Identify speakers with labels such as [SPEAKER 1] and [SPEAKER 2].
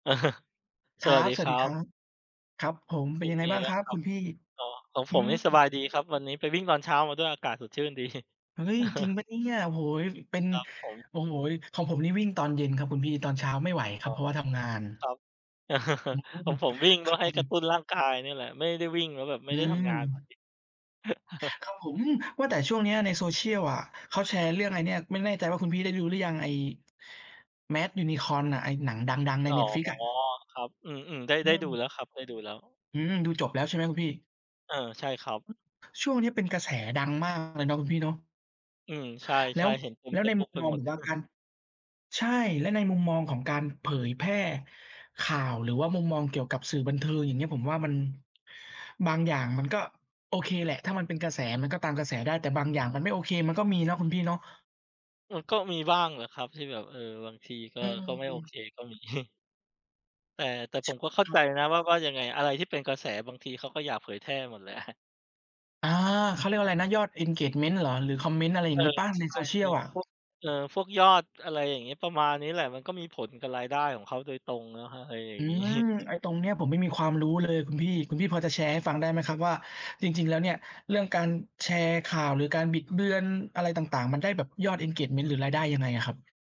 [SPEAKER 1] ค
[SPEAKER 2] ส
[SPEAKER 1] รั
[SPEAKER 2] วัส
[SPEAKER 1] บ
[SPEAKER 2] ดี
[SPEAKER 1] สว
[SPEAKER 2] ค
[SPEAKER 1] ัส
[SPEAKER 2] ร
[SPEAKER 1] ด
[SPEAKER 2] ั
[SPEAKER 1] ีคร
[SPEAKER 2] บ
[SPEAKER 1] ับ ครับผม เป
[SPEAKER 2] เ
[SPEAKER 1] ็
[SPEAKER 2] ป
[SPEAKER 1] น
[SPEAKER 2] ็
[SPEAKER 1] ย
[SPEAKER 2] น
[SPEAKER 1] ังไง
[SPEAKER 2] ไง
[SPEAKER 1] บ้าง
[SPEAKER 2] บ
[SPEAKER 1] ค
[SPEAKER 2] ้า
[SPEAKER 1] ร
[SPEAKER 2] ง
[SPEAKER 1] ับ
[SPEAKER 2] คร
[SPEAKER 1] ค
[SPEAKER 2] ั
[SPEAKER 1] ุ
[SPEAKER 2] บ?
[SPEAKER 1] ณพี่?
[SPEAKER 2] อ๋อ ของ
[SPEAKER 1] อ
[SPEAKER 2] ผ
[SPEAKER 1] ื
[SPEAKER 2] มนี
[SPEAKER 1] ม
[SPEAKER 2] ่สบายดีครับ วันนี้ไปวิ่งตอนเช้ามาด้วยอากาศสดชื่น ดี
[SPEAKER 1] เฮ้ย! จริงเปล่าเนี่ย โอ้โฮ เป็น
[SPEAKER 2] ครับผม
[SPEAKER 1] โอ้โฮ ของผมนี่วิ่งตอนเย็นครับคุณพี่ ตอนเช้าไม่ไหวค
[SPEAKER 2] อ
[SPEAKER 1] รั
[SPEAKER 2] ๋อ
[SPEAKER 1] บ เพราะว่าทำงาน
[SPEAKER 2] ครับ
[SPEAKER 1] อื
[SPEAKER 2] ข
[SPEAKER 1] ม
[SPEAKER 2] องผมวิ่งเ
[SPEAKER 1] ค
[SPEAKER 2] พื
[SPEAKER 1] ร
[SPEAKER 2] ่
[SPEAKER 1] ั
[SPEAKER 2] อ
[SPEAKER 1] บ
[SPEAKER 2] ให
[SPEAKER 1] ผ
[SPEAKER 2] ้กระ
[SPEAKER 1] ม
[SPEAKER 2] ตุ้นร้างกายเนี่ยแหละ ไม่ได้วิ่งแล้วแบบไม่
[SPEAKER 1] อื
[SPEAKER 2] ได้ทำงาน [unintelligible]
[SPEAKER 1] ม ครับผม อืม ว่าแต่ช่วงเนี้ยในโซเชียลอะ เขาแชร์เรื่องไอ้เนี่ย ไม่แน่ใจว่าคุณพี่ได้ดูหรือยัง ไอ้ Mad Unicorn ไอ้หนังดัง ๆ ใน
[SPEAKER 2] อ๋อ
[SPEAKER 1] Netflix อะ
[SPEAKER 2] ครับ อืม ๆ ได้
[SPEAKER 1] อ
[SPEAKER 2] ไ
[SPEAKER 1] ื
[SPEAKER 2] ด้ดู
[SPEAKER 1] ม
[SPEAKER 2] แล้วครับ ได้ดูแล้ว
[SPEAKER 1] อืม ดูจบแล้วใช่ไหมคุณพี่?
[SPEAKER 2] เออ ใช่ครับ
[SPEAKER 1] ช่วงนี้เป็นกระแสดังมากเลยเนาะคุณพี่เนาะ
[SPEAKER 2] อืม ใช
[SPEAKER 1] แล้
[SPEAKER 2] ่
[SPEAKER 1] ว
[SPEAKER 2] ๆ เห็นเต็
[SPEAKER 1] แ
[SPEAKER 2] ม
[SPEAKER 1] ล้
[SPEAKER 2] เ
[SPEAKER 1] ว
[SPEAKER 2] ฟ
[SPEAKER 1] ใน
[SPEAKER 2] ซบุ
[SPEAKER 1] ม
[SPEAKER 2] ๊
[SPEAKER 1] ุ
[SPEAKER 2] ก
[SPEAKER 1] ม
[SPEAKER 2] ไป
[SPEAKER 1] มอง
[SPEAKER 2] หมด
[SPEAKER 1] ผมว่าการ ใช่ และในมุมมองของการเผยแพร่ข่าว หรือว่ามุมมองเกี่ยวกับสื่อบันเทิง อย่างเงี้ย ผมว่ามัน บางอย่างมันก็โอเคแหละ ถ้ามันเป็นกระแสมันก็ตามกระแสได้ แต่บางอย่างมันไม่โอเคมันก็มีเนาะคุณพี่เนาะ
[SPEAKER 2] อืม ก็มีบ้างแหละครับที่แบบ เออ บางทีก็
[SPEAKER 1] อื
[SPEAKER 2] ก็ไม่โอเ
[SPEAKER 1] ม
[SPEAKER 2] คก็มี แต่ แต่
[SPEAKER 1] ใ
[SPEAKER 2] ผ
[SPEAKER 1] ช่
[SPEAKER 2] มก็เข้า
[SPEAKER 1] คร
[SPEAKER 2] ใ
[SPEAKER 1] ั
[SPEAKER 2] จ
[SPEAKER 1] บ
[SPEAKER 2] นะว่า ว่ายังไงอะไรที่เป็นกระแส บางทีเขาก็อยากเผยแพร่หมด แหละ
[SPEAKER 1] อา เขาเรียกว่าอะไรนะ ยอด Engagement เหรอ? หรือคอมเมนต์ อะไรอ
[SPEAKER 2] เ
[SPEAKER 1] ย
[SPEAKER 2] อ
[SPEAKER 1] ่า
[SPEAKER 2] อ
[SPEAKER 1] งงี้เปล่า? ใน
[SPEAKER 2] ใช
[SPEAKER 1] โซ
[SPEAKER 2] ่
[SPEAKER 1] เชี
[SPEAKER 2] อ
[SPEAKER 1] ย
[SPEAKER 2] ื
[SPEAKER 1] ล
[SPEAKER 2] อ
[SPEAKER 1] อะ
[SPEAKER 2] พวก เออ พวกยอด อะไรอย่างงี้ ประมาณนี้แหละ มันก็มีผลกับรายได้ของเขาโดยตรงเนาะ อะไรอย่
[SPEAKER 1] อ
[SPEAKER 2] า
[SPEAKER 1] ื
[SPEAKER 2] ง งี้
[SPEAKER 1] ม ไอ้ตรงเนี้ยผมไม่มีความรู้เลยคุณพี่ คุณพี่พอจะแชร์ให้ฟั
[SPEAKER 2] อ๋
[SPEAKER 1] ง
[SPEAKER 2] อ
[SPEAKER 1] ได้ไหมครับว่า จริง ๆ แล้วเนี่ย เรื่องการแชร์ข่าว หรือการบิดเบือนอะไรต่าง ๆ มันได้แบบยอด Engagement หรือรายได้ยังไงอะครับ?